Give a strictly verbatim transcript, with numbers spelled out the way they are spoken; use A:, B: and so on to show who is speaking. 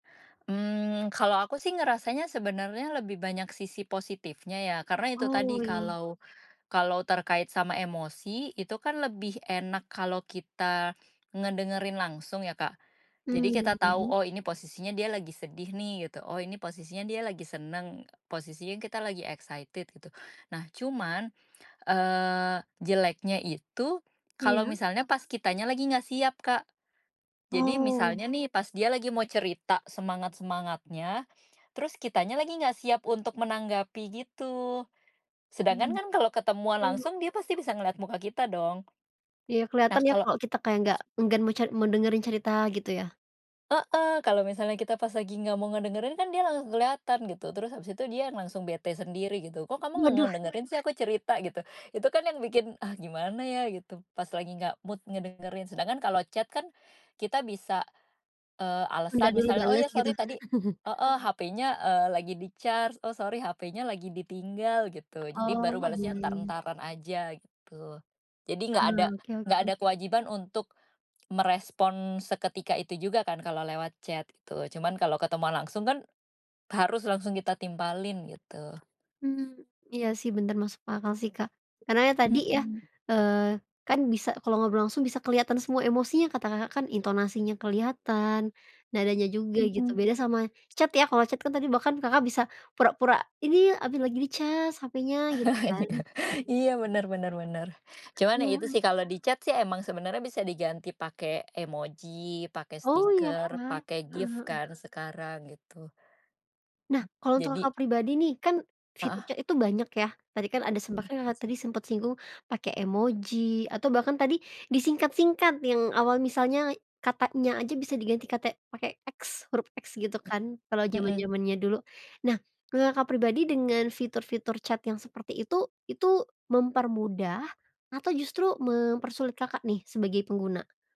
A: Mmm, kalau aku sih ngerasanya sebenarnya lebih banyak sisi positifnya ya, karena itu
B: Oh,
A: tadi,
B: iya.
A: kalau kalau terkait sama emosi itu kan lebih enak kalau kita ngedengerin langsung ya, Kak. Jadi kita
B: Mmm
A: tahu,
B: mhm.
A: "Oh, ini posisinya dia lagi sedih nih," gitu, "Oh, ini posisinya dia lagi senang, posisinya kita lagi excited." gitu. Nah, cuman, eee, jeleknya itu kalau
B: Iya.
A: misalnya pas kitanya lagi enggak siap, Kak. Jadi
B: Oh.
A: misalnya nih pas dia lagi mau cerita semangat-semangatnya, terus kitanya lagi nggak siap untuk menanggapi, gitu. Sedangkan
B: Mmm,
A: kan kalau ketemuan
B: oh.
A: langsung dia pasti bisa ngeliat muka kita dong.
B: Iya,
A: Nah,
B: kelihatan ya
A: kalau
B: kalau kita kayak nggak enggan mau ce mau dengerin cerita, gitu ya?
A: Heeh, kalau misalnya kita pas lagi nggak mau ngedengerin, kan dia langsung kelihatan, gitu. Terus habis itu dia langsung bete sendiri, gitu, “Kok kamu nggak
B: Waduh.
A: ngedengerin sih aku cerita,” gitu. Itu kan yang bikin, "Ah, gimana ya." Gitu, pas lagi nggak mood ngedengerin. Sedangkan kalau chat kan kita bisa, eee,
B: Tunda
A: alasan,
B: dulu
A: misalnya, “Oh,
B: bales,
A: ya,
B: gitu?
A: sori tadi "heeh, "HP-nya, eee, lagi di-charge." “Oh, sori HP-nya lagi ditinggal.” Gitu. Jadi
B: Oh,
A: baru balasnya
B: iya iya.
A: entar-entaran aja, gitu. Jadi
B: Ah,
A: nggak ada
B: oke
A: nggak
B: oke.
A: ada kewajiban untuk merespon seketika itu juga kan kalau lewat chat, gitu, cuman kalau ketemuan langsung kan. Harus langsung kita timpalin, gitu.
B: Mmm, iya sih benar, masuk akal sih Kak. Karena ya tadi ya,
A: Mhm.
B: eee, kan bisa kalau ngobrol langsung, bisa kelihatan semua emosinya kata Kakak kan, intonasinya kelihatan, nadanya juga, gitu. Beda
A: Mhm.
B: sama chat ya, kalau chat kan tadi bahkan Kakak bisa pura-pura, "Ini, habis lagi di cas HP-nya." Gitu kan?
A: Iya, benar benar benar. Cuman itu
B: Iya.
A: sih kalau di chat sih emang sebenarnya bisa diganti pakai emoji, pake
B: Oh, iya
A: stiker,
B: kah?
A: pakai
B: Heeh
A: gif
B: heeh.
A: kan sekarang, gitu.
B: Nah, kalau untuk
A: Jadi
B: Kakak pribadi nih, kan fitur
A: Heeh.
B: chat itu banyak, ya. Tadi kan ada sempat kan Kakak
A: Mmm.
B: tadi sempat singgung, pakai emoji, atau bahkan tadi disingkat-singkat yang awal misalnya katanya aja bisa diganti kata pakai X, huruf X, gitu
A: Mmm.
B: kan kalau
A: Mhm.
B: jaman-jamannya dulu. Nah, ngula Kakak pribadi dengan fitur-fitur chat yang seperti itu, itu mempermudah atau justru mempersulit Kakak nih sebagai pengguna?